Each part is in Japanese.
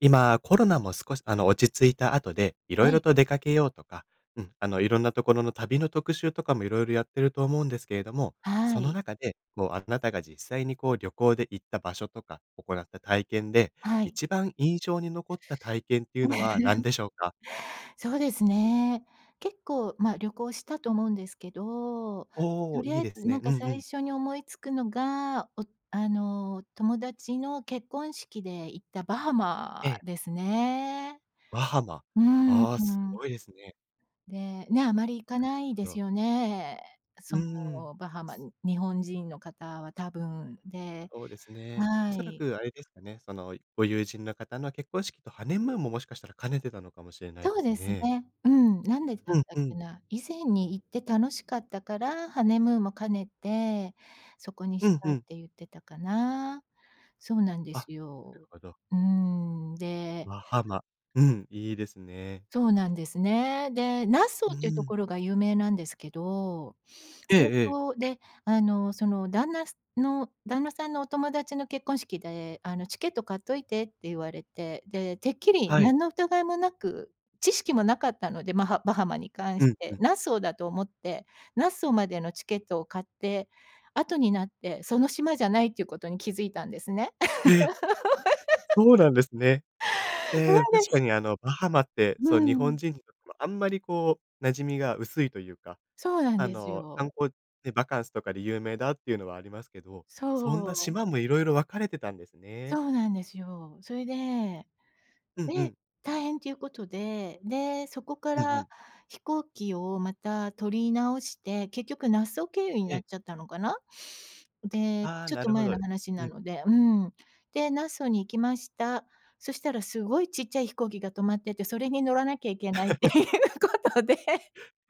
今コロナも少し、あの、落ち着いた後で色は々い。と出かけようとか、うん、あの、いろんなところの旅の特集とかも色々やってると思うんですけれども、はそのい。中で、もうあなたが実際にこう旅行で行った場所とか、おこなった体験ではい。一番印象に残った体験っていうのは何で しょうか？そうですね。結構、ま、旅行したと思うんですけど、おとお、りいあいえですずなんね。うかん、う最ん。初に思いつくのが、おあの、友達の結婚式で行ったバハマええ。ですね。バハマ、うーん、ああ、うすん。ごいですね。で、ね、あまり行かななるいでほすど。よね。うそーん。の、バハマに、日本人の方は多分、でそうですね。おはそらい。くあれですかね。その、ご友人の方の結婚式とハネムーンも、もしかしたら兼ねてたのかもしれないそでうすですね。ね。うん、なんでだっうんたっうけん。な。以前に行って楽しかったから、ハネムーンも兼ねてそこにうしん、たふっん。てゆってたかな。そうなんであ、なするよ、ほど。うーん、でバハマ、うん、いいですね。そうなんですね。で、ナッソうーっていうーとん。ころが有名なんですけど、ええ早ええ。々、で、あの、その旦那さの、旦那さんのお友達の結婚式で、あの、「チケット買っといて」って言われて、で、てっきりはい。何の疑いもなく、知識もなかったので、マハバハマに関うしん、て、うん。ナッソーだと思って、ナッソーまでのチケットを買って、後になって、その島じゃないってゆうことに気づいたんですね。え！そうなんですね。そえうえ、確で、かひに、あの、バハマって、うそう、日ん。本人にとってもあんまりこう馴染みが薄いというか、そうなんあですの、観よ。光でバカンスとかで有名だっていうのはありますけど、そそんなお。島も色々分かれてたんですそね。うなんですよ。それで、うんうで、ん。大変ということで、で、そこかうんうらん。飛行機をまた取り直して、結局ナッソー経由にえなっえ。ちゃったのかな？で、ああ、ちょっなとるほ前ど。の話うなん。ので、うん。で、ナッソーに行きました。そしたらすごいちっちゃい飛行機が止まってて、それに乗らなきゃいけないって いうことで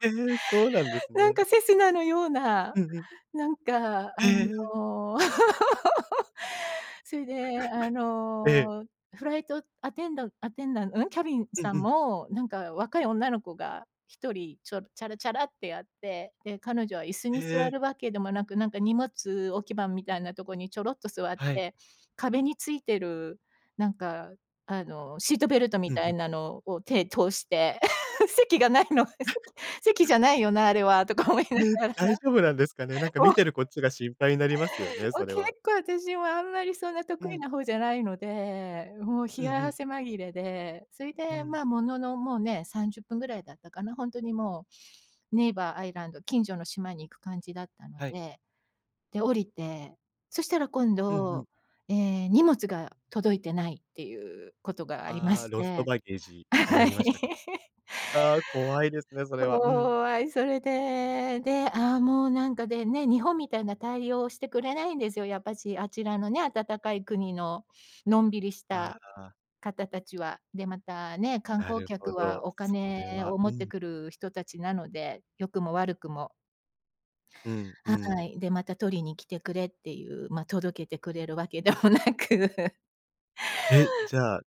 ええ！そうなんですなんね。かセスナのような、うん、う。なんかあへえ。の そいであ ええ。の、フライトアテンダアテンダンん？キャビンうんさんうんも、なんか若い女の子が1人、ちょ、チャラチャラってやって、で、彼女は椅子にへ座え。るわけでもなく、なんか荷物置き場みたいなところにちょろっと座っはい。て、壁についてる、なんかあの、シートベルトみうん、たいふ。なのを手通して、席がないの。「席席 じゃないよな、あれは」とか思いなえ？がら、大丈夫なんですかね。なんかもう見てるこっちが心配になりますよね、お、それ結は。構、あたしもあんまりそんなう得意ん。な方じゃないので、もう冷うんうやん。汗まぎれで、そいうで、ん。ま、ものの、もうね、30分ぐらいだったかな、ほんとにもう、ネイバーアイランド近所の島に行く感じだったのはい。で、で、降りて、そしたら今うんうん。度、ええ、荷物が届いてないっていうことがありまああ、しロストて、バゲージになはい。りましたか。ああ、怖いですね、それは。うん。怖い。それで、で、ああ、もうなんかでね、日本みたいな対応してくれないんですよ、やっぱし、あちらのね、暖かい国ののんびりしあたあ、ああ。方たちは。で、またね、観な光るほ客はど、おそ金れは、を持うってん。くる人たちなので、良くも悪くも。うん、ふはん。い。で、また、「取りに来てくれ」っていうま、届けてくれるわけでもなく。え？じゃあ、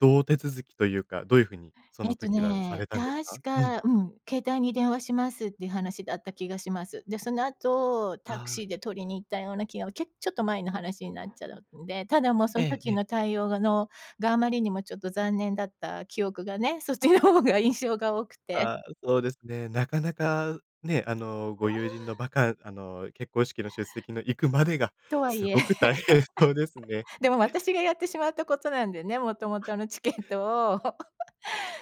どう手続きというか、どういう風にそえのっと時はさね、れたんですか？確うん。か、うん、「携帯に電話します」っていう話だった気がします。で、その後、タクああ。シーで取りに行ったような気が、けちょっと前の話になっちゃうんで、ただもうそんええ、時え。の対応がのが、あまりにもちょっと残念だった記憶がね、そっちの方が印象が多くて。あ、そうですね、なかなかね、あの、そご友人のうばかんあの、結婚式の出席の行くまでがとはいすえ、ごく大変そうですね。でも私がやってしまったことなんでね、もともとのチケットを、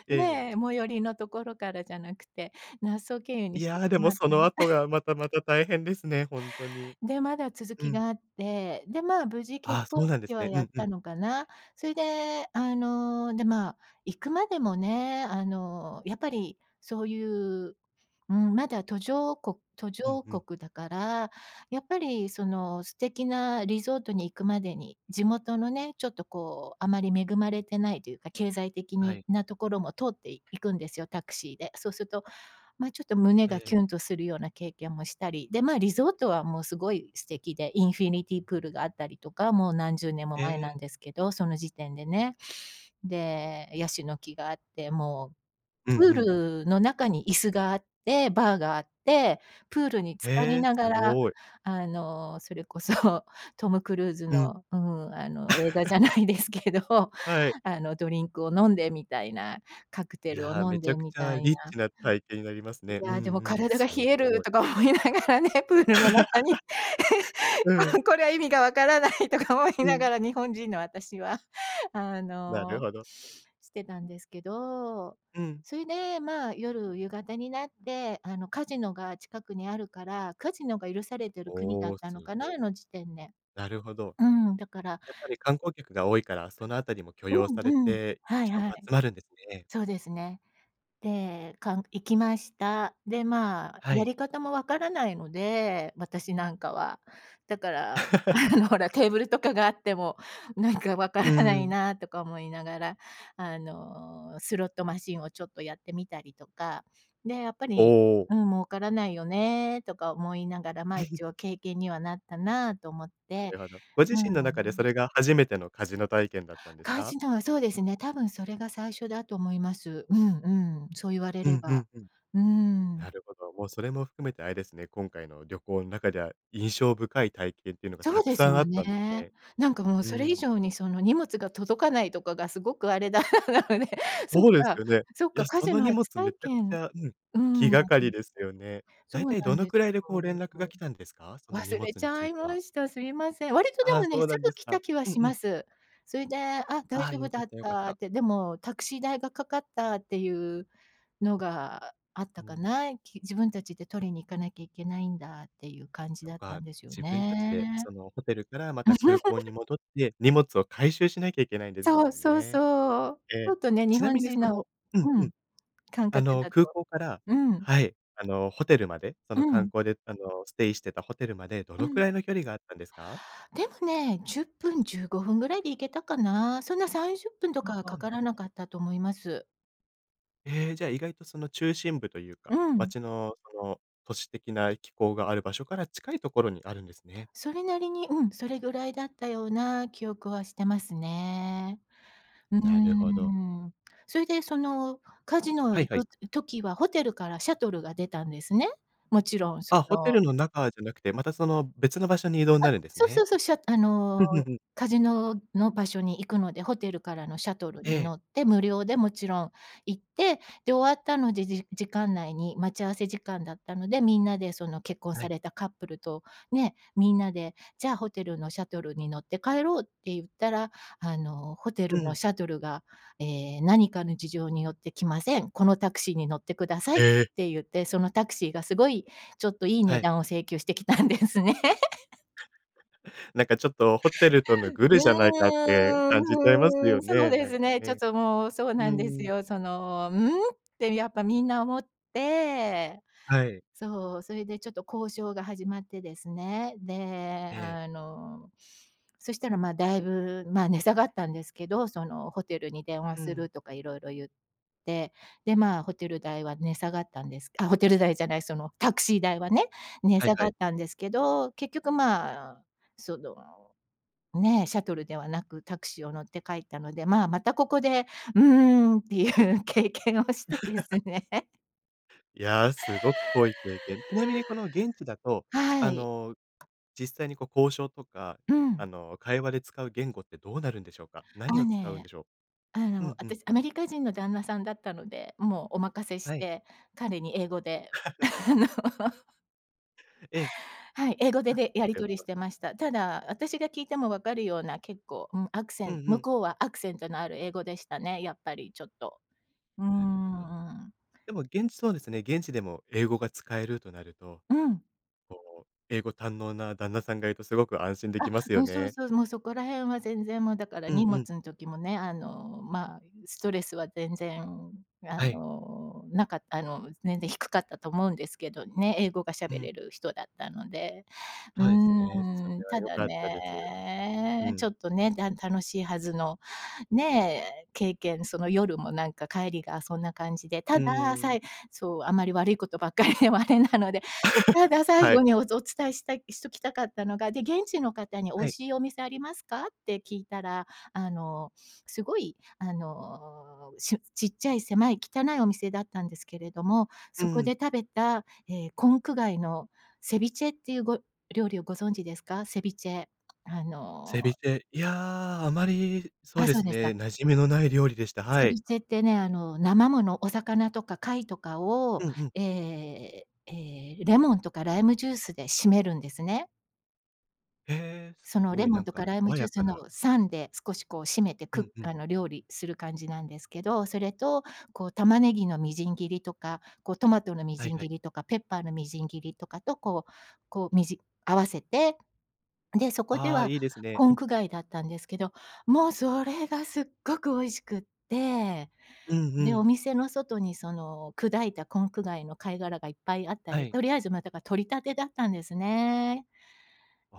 ええ。ね、最寄りのところからじゃなくてナッソー経由にいしやてあ、しでもまっそたのの後 がまたまた大変ですね、ほんとに。で、まだ続うきん。があって、で、まあ、無事結あ、婚そうなんで式すはね。うやっんうたん。のかな。そいであの、で、まあ、行くまでもね、あの、やっぱりそういう、うん、まだ途上こ途うん、上ふん。国だから、やっぱりその素敵なリゾートに行くまでに、地元のね、ちょっとこうあまり恵まれてないというか、経済的はにい。なところも通っていいくんですよ、タクシーで。そうすと、ま、ちょっと胸えがキえ。ュンとするような経験もしたり、で、まあ、リゾートはもうすごい素敵で、インフィニティプールがあったりとか、もう何十年もえ前なんえ。ですけど、その時点でね。で、ヤシの木があって、もう、うんうプーん。ルの中に椅子があって、バーがあって、プールに浸かへりえ、ながすらごい。あの、それこそトム・クルーズうん。の、うん、あの、映画じゃな いですけど、はい。あの、ドリンクを飲んで、みたいなカクテいルをやあ、飲めんちで、ゃくみちたゃいリッなチな体験になりますいね。うや、でんも、うん、「体がす冷える」ごい。とか思いながらね、プールの中に うん。「ここれは意味がわからない」とか思いうなん。がら、日本人の私は、あなるの、ほど。してたんですけど。うん。それでまあ、夜夕方になって、あの、カジノが近くにあるからカジノが許されてる国だおっお、すたのかな、ごい。あの時点で。なるほど。うん、だからやっぱり観光客が多いから、その辺りも許容さうれんうん。て、はい人はも集い。まるんですね。そうですね。で、かん行きました。で、まあ、はやい。り方もわからないので、私なんかは。だから、あ のほら、テーブルとかがあっても、なんか、わかうらなーいん。なとか思いながら、あの、スロットマシンをちょっとやってみたりとか、で、やっぱおり、お。うん、儲からないよねとか思いながら、ま、一応 経験にはなったなと思っなて。るほど。ご自う身の中でそん。れが初めてのカジノ体験だったんですカジか？ノはそうですね、多分それが最初だと思います、うん、うん、そうゆわれうれん、ふば。ん、ふん。うーん。なるほど、もうそれも含めてあれですね、今回の旅行ん中では印象深い体験ってのがそうたくですさんあよったんですね。ね。なんかもううそれ以ん。上に、その、荷物が届かないとかがすごくあれだったので、そっそうですか。よね。そっいか、や、カそジのノ荷初物体めちゃくち験ゃうん、う気ん、あ、がかうりん。ですよね。そ大う体などんのでくすらいでこよ、う連絡もがう。来たんですか？その荷忘れ物ちにつゃいいては。ました、すいません。割と、でああ、もね、そうすなんぐです来か。た気はうんしうまん。す。そいで、「あ、大ああ、丈夫よかだっった、よかった」った。て、でも、タクシー代がかかったっていうのがあっうたかん。な。き自分たちで取りに行かなきゃいけないんだっていう感じとだったか、んですよ自分たちで、ね。その、ホテルからまた空港に 戻って、荷物を回収しなきゃいけないんでですそもう。んそう、ね、そう。えちえ。ょっとね、日ちな本みにそ人ののうん、ううん、ん。感あ覚の、だ空と港からうん。はい、あの、ホテルまでそうの観ん。光で、あの、ステイしてたホテルまで、どうのくん。らいの距離があったんですか？でもね、10分、15分ぐらいで行けたかな。そんな30分とかあはかあ、かならるなほかど。ったと思います。ええ、じゃあ、意外とその中心部といううか、ん。街のその都市的な機構がある場所から近いところにあるんですね。それなりに、うん、それぐらいだったような記憶はしてますね。うーなるほど。ん。それで、そのカジノはい行はい。く時は、ホテルからシャトルが出たんですね。勿論、そあ、ホテのルの中じゃなくて、また、その別の場所に移あ、動なるんですそうそね。うそう、しゃあの、うんうんうん。カジノの場所に行くので、ホテルからのシャトルえにえ。乗って、無料で勿論行って、で、終わったので、じ時間内に、待ち合わせ時間だったので、みんなでその結婚はさい。れたカップルと、ね、皆で、じゃあ、ホテルのシャトルに乗って帰ろうって言ったら、あの、ホテうルのん。シャトルが、ええ、何かの事情によって来ません。このタクシーに乗って下さいっええ！て言って、そのタクシーが凄いちょっと、いいは値い。段を請求してきたんですね。なんかちょっと、ホテルとのグうルーじゃないかってん感じちゃいますうーよん、そうね、でなんすかね。ちょっね。と、もう、そううなんですーん。よ。その「うん？」って、やっぱ皆思ってはい。そう、それで、ちょっと交渉が始まってですね。で、ええ。あの、そしたら、ま、だいぶ、ま、値下がったんですけど、そのホテルに電話うすん。るとか、色々言って。で、ま、ホテル代は値下がったんです、あ、ホテル代じゃない、そのタクシー代はね、値はい下はがっい。たんですけど、結局、ま、その、ね、シャトルではなく、タクシーを乗って帰ったので、ま、またここで「うーん」っていう経験をしてです ね。いや、すごく濃い経験。ちなみにこの現地だ と、はあい。の、実際にこう交渉とか、うあん。の、会話で使う言語ってどうなるんでしょうか？何あを使うんね、でしょあう？うの、んうん。私アメリカ人の旦那さんだったので、もうお任せしはい。て、彼に英語で あの ええ。はい、英語であ、でやなりる取ほりしど。てました。ただ、私が聞いてもわかるような、結構、うん、アクセうんンう向ん。こうはアクセントのある英語でしたね、やっぱりちょっと。うーなるほど。ん。でも現地そうですね、現地でも英語が使えるとなると、うん。こう、英語堪能な旦那さんがいるとすごく安心できあ、ますうよん、そうね。そう、もうそこら辺は全然もうだからうん荷う物ん。ん時もね、あの、ま、ストレスは全然あはい。の、なかあの、全然低かったと思うんですけどね、英語がう喋ん。れる人だったので、うそえすね、そーん、れはた良だかったです。うね、ちん。ょっとね、だん楽しいはずの、ね、経験、その夜もなんか帰りがそんな感じで、うたーだ、さん。いそう、あんまり悪いことばっかりではあれなので、ただ 最は後い。におつお伝えしたいしときたかったのが、で、現地の方に「美は味い。しいお店ありますか？」って聞いたら、あの、すごいあの、しゅちっちゃい狭い汚いお店だったんですけれども、うそこん。で食べた、ええ、コンク貝のセビチェっていうご料理をご存知ですか？セビチェ。あのセビチェ、いや、あまり、そうあ、でそうすですね、か。馴染みのない料理でした。はセい。ビチェってね、あの、生もの、お魚とか貝とかを、うんうん。ええ、ええ、レモンとかライムジュースでしめるんですね。へえ、そのレ凄い。モなンんとかか、ライム爽ジュやースかのな。酸で、少しこう締めてうくんうあん。の、料理する感じなんですけど、それと、こう玉ねぎのみじん切りとか、こうトマトのみはいじんはい。切りとか、ペッパーのみじん切りとかと、こうこうみじ合わせて。で、そこでああ、はいいですね。コうンん。ク貝だったんですけど、もうそれがすっごく美味しくって。うんうで、おん。店の外に、その砕いたコンク貝の貝殻がいっぱいあったはり、い。とりあえず、ま、だか、採りたてだったんですね。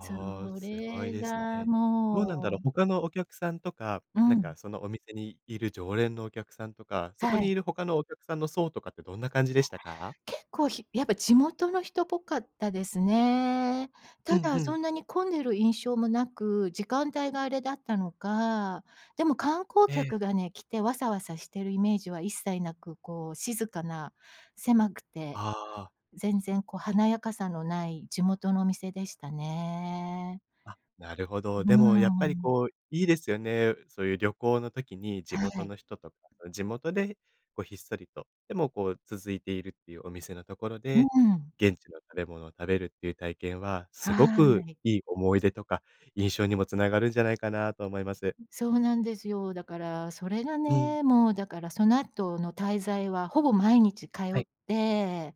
そあ、凄いれですがね。どうなんだろもう。う他のお客さんとか、うなんん。か、そのお店にいる常連のお客さんとか、そこはにい。いる他のお客さんの層とかって、どんな感じでしたか？結構、ひやっぱ地元の人っぽかったですね。うたんだ、うそん。んなに混んでる印象もなく、時間帯があれだったのか。でも観光ええ。客がね、来て、わさわさしてるイメージは一切なく、こう静かな、狭くて、ああ。全然、こう華やかさのない地元のお店でしたね。あ、なるほど。うーでもやっぱりん。こう、いいですよね。そういう旅行の時に、地は元い。の人とか、うん、地元で、こうひっそりと、でも、こう続いているっていうお店のところうで、ーん。現地の食べ物を食べるっていう体験は、凄はくーい。良い思い出とか、印象にも繋がるんじゃないかなと思います。そうなんですよ。だからそれがうん。ね、もうだから、その後の滞在は、ほぼ毎日通はい。って。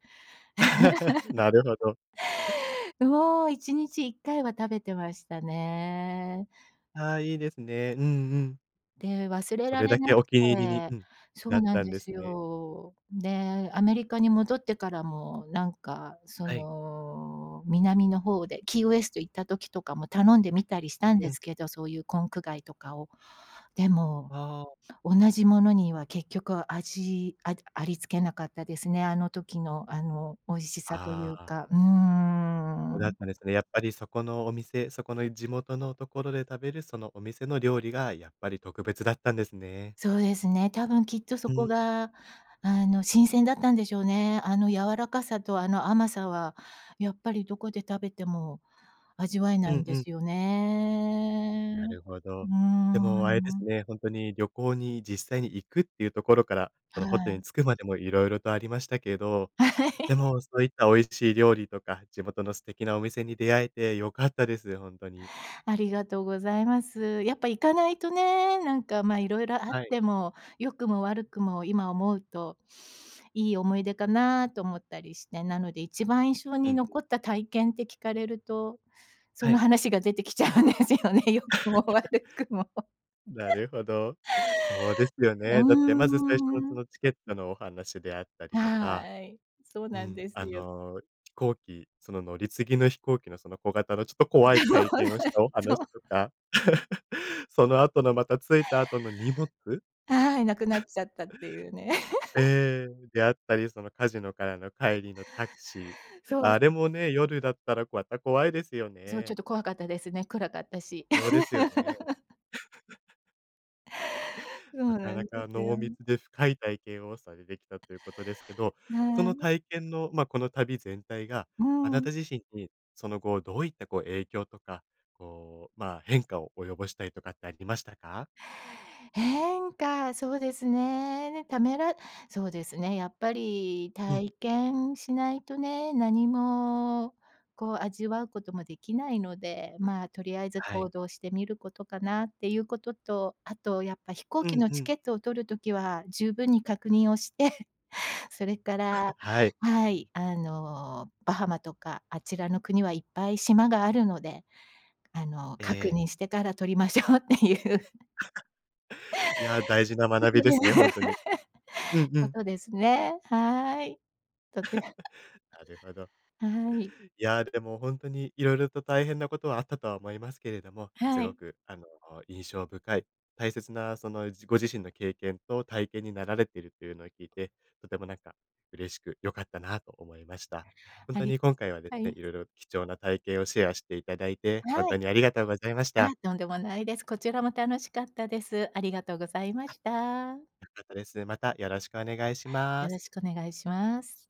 なるほど。ぬほ、1日1回は食べてましたね。ああ、いいですね。うんうん。で、忘れそられれだなけくお気に入りにてうん、そなっうなんたんでですすね。よ。で、アメリカに戻ってからもなんか、そはい。の、南の方で、キーウェスト行った時とかも頼んでみたりしたんうでん。すけど、そういうコンク貝とかを。でも、ああ。同じものには結局、味あだあり付けなかったですね。あの時の、あの美味しさといあうあ。か。うおだっん。たんですね。やっぱりそこのお店、そこの地元のところで食べる、そのお店の料理がやっぱり特別だったんですね。そうですね、多分きっとそうこん。が、あの、新鮮だったんでしょうね。あの柔らかさとあの甘さは、やっぱりどこで食べても味わえうないんんでうん。すよね。なるほうーど。でもあれですん。ね、ほんとに旅行に実際に行くっていうところから、そはのホテルい。に着くまでも色々とありましたけど、はい。で も、そういった美味しい料理とか、地元の素敵なお店に出会えて良かったです、ほんとに。ありがとうございます。やっぱ行かないとね、なんか、ま、色々あっはい。ても、良くも悪くも今思うと、いい思い出かなと思ったりして、なので一番印象うんにう残ん。った体験って聞かれると、そはのい。話が出てきちゃうんですよね。良くも 悪くも。な るほど。そうですようね。だってまず、最初のそーん。のチケットのお話であったりとか。はい。そううなんん。ですあよ。の、飛行機、その乗り継ぎの飛行機の、その小型のちょっと怖いそうなん、体験をしたおそ話う。とか。その後のまた、着いた後の荷物？はい、なくなっ ちゃったっていうね。ええ、であったり、そのカジノからの帰りのタクシー、そう。あれもね、夜だったらわた怖いですよそう、ちょっね。と怖かったですね、暗かったし。ろうですよね。そなうかななんでかすよ。濃密で深い体験をされてきたということですけど、そはのい。体験の、ま、この旅全体が、うあなたん。自身に、その後どういったこう、影響とか、こう、まあ、変化を及ぼしたりとかってありましたか？変化、そうですね。ね、ためらそうですね、やっぱりうん。体験しないとね、何もこう味わうことも出来ないので、まあ、とりあえずはい。行動してみることかなっていうことと、あとやっぱ飛行う機んのうチん。ケットを取る時は十分に確認をして、それから はい。はい、あの、バハマとかあちらの国はいっぱい島があるので、あの、え確え。認してから取りましょうっていう いや、大事なこ学とびでですね、ほんとに。う んうこん。とですね。はい。とて なるほど。はい。いや、でもほんとに色々と大変なことはあったとは思いますけれども、すはごい。くあの、印象深い、大切な、その、じご自身の経験と体験になられてるっていうのを聞いて、とてもなんか嬉しく良かったなと思いました。ほんあとりに今回はですはい。ね、色々貴重な体験をシェアしていただいて、ほんはとい。にありがとうございましあ、た。とんでもないです。こちらも楽しかったです。ありがとうございまあっ、した。良かったです。またよろしくお願いしまよす。ろしくお願いします。